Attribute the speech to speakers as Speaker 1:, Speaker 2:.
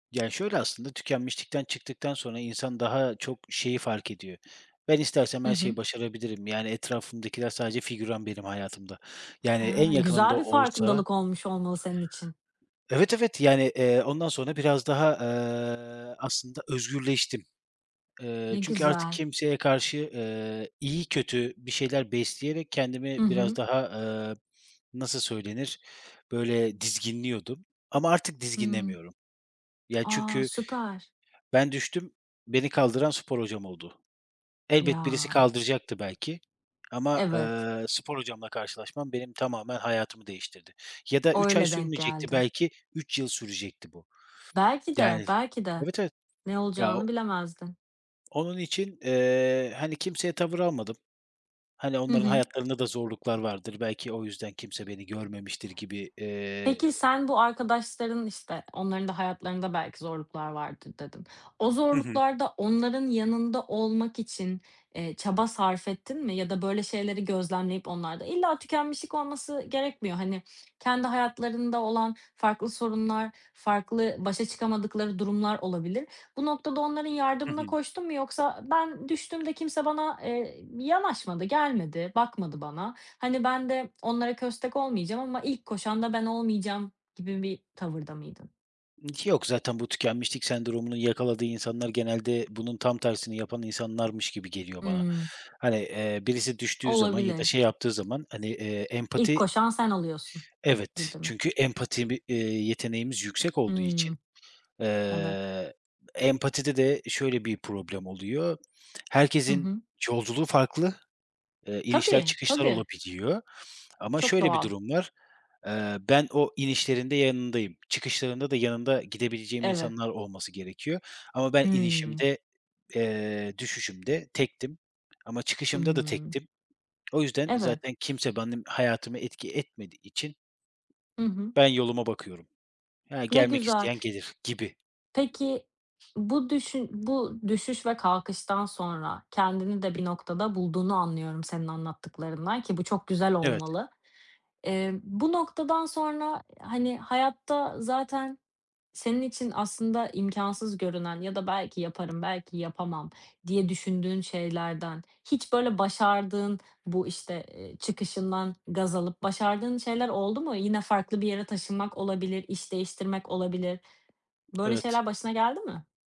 Speaker 1: Ya, şöyle aslında, tükenmişlikten çıktıktan sonra insan daha çok şeyi fark ediyor: Ben istersem
Speaker 2: Hı
Speaker 1: her
Speaker 2: hı.
Speaker 1: şeyi başarabilirim. Yani etrafımdakiler sadece figüran benim hayatımda, yani
Speaker 2: He,
Speaker 1: en yakınım da
Speaker 2: güzel bir
Speaker 1: olsa
Speaker 2: farkındalık olmuş olmalı senin için.
Speaker 1: Evet, evet, yani, eee, ondan sonra biraz daha, eee, aslında özgürleştim. Eee,
Speaker 2: Ne
Speaker 1: çünkü artık
Speaker 2: güzel.
Speaker 1: kimseye karşı, ııı, iyi, kötü bir şeyler besleyerek
Speaker 2: Hı
Speaker 1: kendimi biraz
Speaker 2: hı.
Speaker 1: daha, ııı, nasıl söylenir, böyle, dizginliyordum ama artık
Speaker 2: Hıı.
Speaker 1: dizginlemiyorum. Ya,
Speaker 2: A,
Speaker 1: çünkü
Speaker 2: süper.
Speaker 1: ben düştüm, beni kaldıran spor hocam oldu. Elbet birisi
Speaker 2: Ya.
Speaker 1: kaldıracaktı belki ama,
Speaker 2: Evet.
Speaker 1: ııı, spor hocamla karşılaşmam benim tamamen hayatımı değiştirdi ya da
Speaker 2: O,
Speaker 1: 3 ay
Speaker 2: öyle denk
Speaker 1: sürmeyecekti
Speaker 2: geldi.
Speaker 1: belki 3 yıl sürecekti bu
Speaker 2: Belki de,
Speaker 1: yani,
Speaker 2: belki de.
Speaker 1: evet, evet.
Speaker 2: Ne
Speaker 1: Ya o
Speaker 2: olacağını bilemezdin.
Speaker 1: Onun için, eee, hani, kimseye tavır almadım. Hani,
Speaker 2: Hı
Speaker 1: onların
Speaker 2: hı.
Speaker 1: hayatlarında da zorluklar vardır, belki o yüzden kimse beni görmemiştir gibi, eee
Speaker 2: Peki, sen bu arkadaşların, işte, onların da hayatlarında belki zorluklar vardır, dedin. O
Speaker 1: Hı hı.
Speaker 2: zorluklarda onların yanında olmak için, eee, çaba sarf ettin mi ya da böyle şeyleri gözlemleyip onlarda illa tükenmişlik olması gerekmiyor, hani, kendi hayatlarında olan farklı sorunlar, farklı başa çıkamadıkları durumlar olabilir. Bu noktada onların
Speaker 1: Hı hı.
Speaker 2: yardımına koştun mu yoksa "Ben düştüğümde kimse bana, eee, yanaşmadı, gelmedi, bakmadı bana, hani, ben de onlara köstek olmayacağım ama ilk koşan da ben olmayacağım." gibi bir tavırda mıydın?
Speaker 1: Ki yok zaten bu tükenmişlik sendromunun yakaladığı insanlar genelde bunun tam tersini yapan insanlarmış gibi geliyor bana.
Speaker 2: Hıı.
Speaker 1: Hani, eee, birisi düştüğü zaman ya da
Speaker 2: Olabilir.
Speaker 1: şey yaptığı zaman hani, eee,
Speaker 2: İlk
Speaker 1: empati
Speaker 2: koşan sen oluyorsun
Speaker 1: Evet,
Speaker 2: gibi mi?
Speaker 1: çünkü empati bi eee, yeteneğimiz yüksek olduğu için,
Speaker 2: Hıı. Evet.
Speaker 1: eee, empatide de şöyle bir problem oluyor:
Speaker 2: Hı
Speaker 1: Herkesin
Speaker 2: hı.
Speaker 1: yolculuğu farklı, ııı, inişler,
Speaker 2: Tabii,
Speaker 1: çıkışlar
Speaker 2: tabii.
Speaker 1: olabiliyor ama
Speaker 2: Çok
Speaker 1: şöyle bir
Speaker 2: doğal.
Speaker 1: durum var. Eee, ben o inişlerinde yanındayım. Çıkışlarında da yanında gidebileceğim
Speaker 2: Evet.
Speaker 1: insanlar olması gerekiyor ama ben
Speaker 2: Hıı.
Speaker 1: inişimde, eee, düşüşümde tektim ama çıkışımda da
Speaker 2: Hıı.
Speaker 1: tektim. O yüzden
Speaker 2: Evet.
Speaker 1: zaten kimse benim hayatıma etki etmediği için
Speaker 2: Hı hı.
Speaker 1: ben yoluma bakıyorum. He,
Speaker 2: Ne
Speaker 1: gelmek
Speaker 2: güzel
Speaker 1: isteyen gelir gibi.
Speaker 2: Peki, bu düşün bu düşüş ve kalkıştan sonra kendini de bir noktada bulduğunu anlıyorum senin anlattıklarından ki bu çok güzel
Speaker 1: Evet.
Speaker 2: olmalı. Eee, bu noktadan sonra, hani, hayatta zaten senin için aslında imkânsız görünen ya da belki yaparım, belki yapamam diye düşündüğün şeylerden hiç böyle başardığın, bu, işte, ııı, çıkışından gaz alıp başardığın şeyler oldu mu? Yine farklı bir yere taşınmak olabilir, iş değiştirmek olabilir. Böyle
Speaker 1: Evet.
Speaker 2: şeyler başına geldi mi?